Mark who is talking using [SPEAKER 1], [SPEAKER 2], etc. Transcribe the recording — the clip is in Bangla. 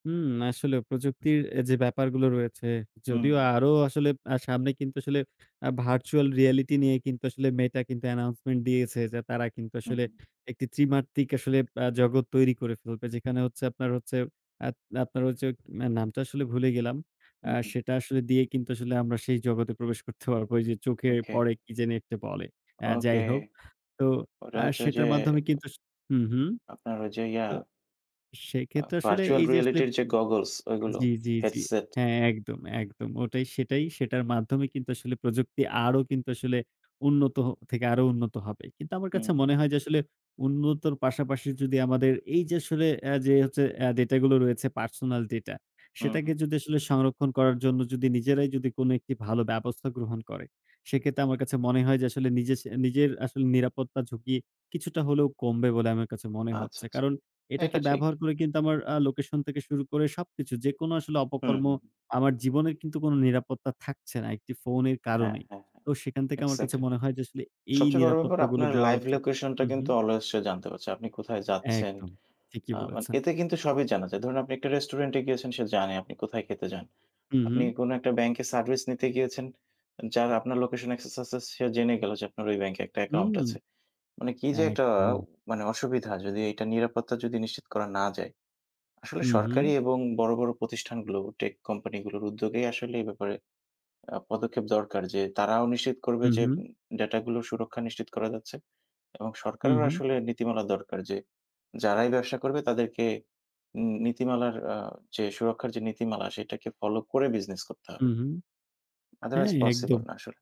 [SPEAKER 1] হুম। আসলে প্রযুক্তির এ যে ব্যাপারগুলো রয়েছে,
[SPEAKER 2] হুম।
[SPEAKER 1] যদিও আরো আসলে আ সামনে কিন্তু আসলে আ virtual reality নিয়ে কিন্তু আসলে Meta কিন্তু announcement দিয়েছে, যে তারা কিন্তু
[SPEAKER 2] হু,
[SPEAKER 1] আসলে
[SPEAKER 2] হুম।
[SPEAKER 1] একটি ত্রিমাত্রক আসলে আ জগৎ তৈরি করে ফেলবে। যেখানে হচ্ছে আপনার হচ্ছে আত আপনার হচ্ছে আ নামটা আসলে ভুলে গেলাম।
[SPEAKER 2] হু,
[SPEAKER 1] আ
[SPEAKER 2] হুম।
[SPEAKER 1] সেটা আসলে দিয়ে কিন্তু আসলে আমরা সেই জগতে প্রবেশ করতে পারবো। ওইযে চোখে
[SPEAKER 2] ওকে।
[SPEAKER 1] পড়ে, কি জানি একটা বলে? আ
[SPEAKER 2] ওকে।
[SPEAKER 1] যাই হোক। তো
[SPEAKER 2] ওটা
[SPEAKER 1] আ
[SPEAKER 2] হচ্ছে ওইযে
[SPEAKER 1] সেটার মাধ্যমে কিন্তু সু হুম, হুম,
[SPEAKER 2] আপনার ওইযে ইয়া
[SPEAKER 1] তো
[SPEAKER 2] আ
[SPEAKER 1] সেক্ষেত্রে আসলে
[SPEAKER 2] virtual
[SPEAKER 1] এইযে আসলে
[SPEAKER 2] reality র যে goggles ওইগুলো।
[SPEAKER 1] জ্বি, জ্বি, জ্বি।
[SPEAKER 2] Headset।
[SPEAKER 1] হ্যাঁ, একদম, একদম। ওটাই। সেটাই। সেটার মাধ্যমে কিন্তু আসলে প্রযুক্তি আরো কিন্তু আসলে উন্নত হ থেকে আরো উন্নত হবে। কিন্তু আমার
[SPEAKER 2] হুম।
[SPEAKER 1] কাছে মনে হয় যে আসলে উন্নতর পাশাপাশি যদি আমাদের এইযে আসলে আ যে হচ্ছে এ ডেটাগুলো রয়েছে, personal data।
[SPEAKER 2] হুম,
[SPEAKER 1] সেটাকে
[SPEAKER 2] হুম।
[SPEAKER 1] যদি আসলে সংরক্ষণ করার জন্য যদি নিজেরাই যদি কোনো একটি ভালো ব্যবস্থা গ্রহণ করে। সেক্ষেত্রে আমার কাছে মনে হয় যে আসলে নিজের স নিজের আসলে নিরাপত্তা ঝুঁকি কিছুটা হলেও কমবে বলে আমার কাছে মনে
[SPEAKER 2] আচ্ছা,
[SPEAKER 1] হচ্ছে।
[SPEAKER 2] আচ্ছা।
[SPEAKER 1] কারণ
[SPEAKER 2] না, এটা
[SPEAKER 1] এটাকে
[SPEAKER 2] ঠিক।
[SPEAKER 1] ব্যবহার করে কিন্তু আমার আ লোকেশন থেকে শুরু করে সবকিছু যেকোনো আসলে
[SPEAKER 2] হুম,
[SPEAKER 1] অপকর্ম
[SPEAKER 2] হু, হুম।
[SPEAKER 1] আমার জীবনের কিন্তু কোনো নিরাপত্তা থাকছে না একটি ফোনের
[SPEAKER 2] হ্যাঁ,
[SPEAKER 1] কারণেই।
[SPEAKER 2] হ্যাঁ, হ্যাঁ,
[SPEAKER 1] তো সেখান থেকে আমার কাছে
[SPEAKER 2] এক্সাক্টলি।
[SPEAKER 1] মনে হয় যে আসলে এই
[SPEAKER 2] সবচেয়ে বড় ব্যাপার
[SPEAKER 1] নিরাপত্তাগুলো
[SPEAKER 2] আপনার
[SPEAKER 1] দেওয়া
[SPEAKER 2] live
[SPEAKER 1] উচিত।
[SPEAKER 2] location টা
[SPEAKER 1] উহুম।
[SPEAKER 2] কিন্তু always সে জানতে পারছে। আপনি কোথায় যাচ্ছেন
[SPEAKER 1] একদম। ঠিকই
[SPEAKER 2] আ মা
[SPEAKER 1] বলেছেন।
[SPEAKER 2] এতে কিন্তু সবই জানা যায়। ধরুন আপনি একটা রেস্টুরেন্টে গিয়েছেন, সে জানে আপনি কোথায় খেতে যান।
[SPEAKER 1] হু,
[SPEAKER 2] আপনি
[SPEAKER 1] হু।
[SPEAKER 2] কোনো একটা ব্যাংকে service নিতে গিয়েছে্‌ উ যার আপনার লোকেশনে access আছে সে জেনে গেলো যে আপনার ওই ব্যাংকে একটা অ্যাকাউন্ট
[SPEAKER 1] হুম।
[SPEAKER 2] আছে। মানে কি যে একটা আ
[SPEAKER 1] একদম।
[SPEAKER 2] মানে অসুবিধা যদি এটা নিরাপত্তা যদি নিশ্চিত করা না যায়। আসলে
[SPEAKER 1] হুম, হুম।
[SPEAKER 2] সরকারি এবং বড়, বড় প্রতিষ্ঠানগুলো tech কোম্পানিগুলোর উদ্যোগেই আসলে এই ব্যাপারে আ পদক্ষেপ দরকার, যে তারাও নিশ্চিত করবে
[SPEAKER 1] হু,
[SPEAKER 2] যে
[SPEAKER 1] হু।
[SPEAKER 2] উম উ ডাটাগুলো সুরক্ষা নিশ্চিত করা যাচ্ছে এবং
[SPEAKER 1] হু,
[SPEAKER 2] সরকারেরও
[SPEAKER 1] হু।
[SPEAKER 2] আসলে নীতিমালা দরকার যে যারাই ব্যবসা করবে, তাদেরকে নী নীতিমালার আ যে সুরক্ষার যে নীতিমালা সেটাকে ফলো করে বিজনেস করতে
[SPEAKER 1] হু,
[SPEAKER 2] হবে।
[SPEAKER 1] হু। হ্যাঁ,
[SPEAKER 2] Otherwise পসিবল
[SPEAKER 1] একদম।
[SPEAKER 2] না আসলে।